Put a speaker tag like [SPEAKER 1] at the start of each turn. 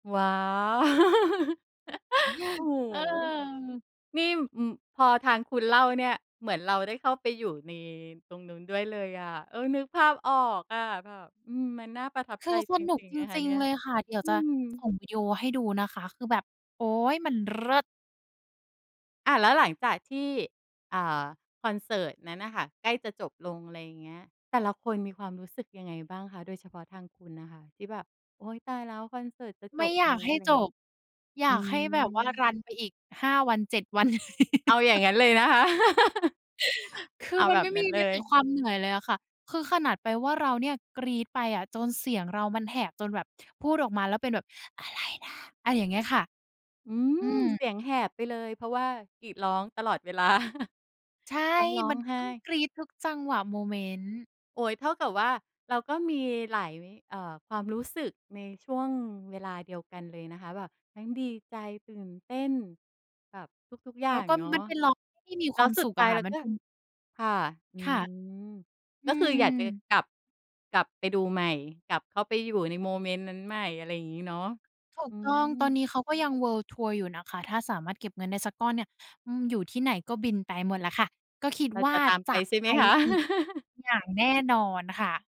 [SPEAKER 1] ว้าว โอ้โฮ
[SPEAKER 2] เออ
[SPEAKER 1] นี่ อืม พอทางคุณเล่าเนี่ย เหมือนเราได้เข้าไปอยู่ในตรงนู้นด้วยเลยอะ เออ นึกภาพออกอะ แบบ อืม มันน่าประทับ
[SPEAKER 2] ค
[SPEAKER 1] ใ
[SPEAKER 2] ื
[SPEAKER 1] จ
[SPEAKER 2] อส
[SPEAKER 1] จ
[SPEAKER 2] นุก
[SPEAKER 1] ริง
[SPEAKER 2] จ
[SPEAKER 1] ๆ นะคะ
[SPEAKER 2] ริ
[SPEAKER 1] เ
[SPEAKER 2] ง
[SPEAKER 1] นี่
[SPEAKER 2] ๆ
[SPEAKER 1] ย
[SPEAKER 2] เลยค่ะ เดี๋ยว
[SPEAKER 1] อื
[SPEAKER 2] จะส
[SPEAKER 1] ม
[SPEAKER 2] ่งวิดีโอให้ดูนะคะ คือแบบ โอ๊ย มันเลิศ
[SPEAKER 1] อ้าว แล้วหลังจากที่ อ่า คอนเสิร์ตนั้นน่ะค่ะใกล้จะจบลง อะไรอย่างเงี้ย แต่ละคนมีความรู้สึกยังไงบ้างคะ? โดยเฉพาะทางคุณน่ะค่ะ ที่แบบ โอ๊ย ตายแล้ว คอนเสิร์ตจะ
[SPEAKER 2] ไม
[SPEAKER 1] จ
[SPEAKER 2] ่
[SPEAKER 1] บ
[SPEAKER 2] อย
[SPEAKER 1] แ
[SPEAKER 2] า
[SPEAKER 1] ล้
[SPEAKER 2] ก
[SPEAKER 1] ว
[SPEAKER 2] ให้
[SPEAKER 1] อะไรอย
[SPEAKER 2] จ
[SPEAKER 1] ่างเงี้
[SPEAKER 2] บ
[SPEAKER 1] ย
[SPEAKER 2] อย
[SPEAKER 1] อื
[SPEAKER 2] ากให้แบบว่าร
[SPEAKER 1] ม
[SPEAKER 2] ันไปอีก 5 วัน 7 วัน
[SPEAKER 1] เอาอย่างงั้นเลยนะคะ
[SPEAKER 2] คื
[SPEAKER 1] เอ
[SPEAKER 2] อ
[SPEAKER 1] า
[SPEAKER 2] มั
[SPEAKER 1] แ
[SPEAKER 2] น
[SPEAKER 1] บ
[SPEAKER 2] ไ
[SPEAKER 1] บ
[SPEAKER 2] ม่
[SPEAKER 1] นั
[SPEAKER 2] ม
[SPEAKER 1] ้
[SPEAKER 2] ี
[SPEAKER 1] นเ
[SPEAKER 2] แ
[SPEAKER 1] ล
[SPEAKER 2] ม้แต่ ค
[SPEAKER 1] ย
[SPEAKER 2] วามเหนื่อยเลยอะค่ะ คือขนาดไปว่าเราเนี่ยกรี๊ดไปอะ จนเสียงเรามันแหบ จนแบบพูดออกมาแล้วเป็นแบบ อะไรนะ อะไรอย่างเงี้ยค่ะ
[SPEAKER 1] อื
[SPEAKER 2] อ
[SPEAKER 1] ม
[SPEAKER 2] ื
[SPEAKER 1] เส
[SPEAKER 2] ม
[SPEAKER 1] ียงแหบไปเลย เพราะว่ากรีดร้องตลอด เวลา
[SPEAKER 2] ใช่
[SPEAKER 1] ต้องร้อ
[SPEAKER 2] มั
[SPEAKER 1] ง
[SPEAKER 2] น
[SPEAKER 1] ไห
[SPEAKER 2] ต้อง
[SPEAKER 1] ้
[SPEAKER 2] กรี๊ดทุกจังหวะโมเมนต์
[SPEAKER 1] โอ๊ย เท่ากับว่าเราก็มีหลาย ม เอ่อ ความรู้สึกในช่วงเวลาเดียวกันเลยนะคะ แบบทั้งดีใจ ตื่นเต้น แบบทุก ๆ อย่
[SPEAKER 2] แล
[SPEAKER 1] า
[SPEAKER 2] ้ว
[SPEAKER 1] ง
[SPEAKER 2] ก็
[SPEAKER 1] เนาะ
[SPEAKER 2] มันเป็นร้องที่มี มี
[SPEAKER 1] แ
[SPEAKER 2] ค
[SPEAKER 1] ล้
[SPEAKER 2] วา
[SPEAKER 1] ว
[SPEAKER 2] ม
[SPEAKER 1] สุ
[SPEAKER 2] ส
[SPEAKER 1] ด
[SPEAKER 2] ุข
[SPEAKER 1] ท
[SPEAKER 2] อ
[SPEAKER 1] ้า
[SPEAKER 2] ะ
[SPEAKER 1] ย
[SPEAKER 2] ค่
[SPEAKER 1] เ
[SPEAKER 2] ะ
[SPEAKER 1] รา
[SPEAKER 2] มัน
[SPEAKER 1] ก็
[SPEAKER 2] เป็น
[SPEAKER 1] ค่ะ อื
[SPEAKER 2] ค่ะ
[SPEAKER 1] ม
[SPEAKER 2] อื
[SPEAKER 1] ก็คือ
[SPEAKER 2] ม
[SPEAKER 1] อยากจะกลับ กลับไปดูใหม่ กลับเข้าไปอยู่ในโมเมนต์นั้นใหม่ อะไรอย่างงี้เนาะ
[SPEAKER 2] ถูก
[SPEAKER 1] อื
[SPEAKER 2] ต้อง ตอน
[SPEAKER 1] ม
[SPEAKER 2] นี้เขาก็ยัง เวิลด์ทัวร์ อยู่นะคะ ถ้าสามารถเก็บเงินได้สักก้อนเนี่ย อืม อยู่ที่ไหนก็บินไปหมดแหละค่ะ ก็คิด
[SPEAKER 1] เรา
[SPEAKER 2] ว่
[SPEAKER 1] จ
[SPEAKER 2] า
[SPEAKER 1] ะตาม
[SPEAKER 2] จ
[SPEAKER 1] ไป
[SPEAKER 2] ะ
[SPEAKER 1] ใช่
[SPEAKER 2] ไ
[SPEAKER 1] ไ
[SPEAKER 2] ป
[SPEAKER 1] หมคะ?
[SPEAKER 2] อีกอย่างแน่นอนค่ะ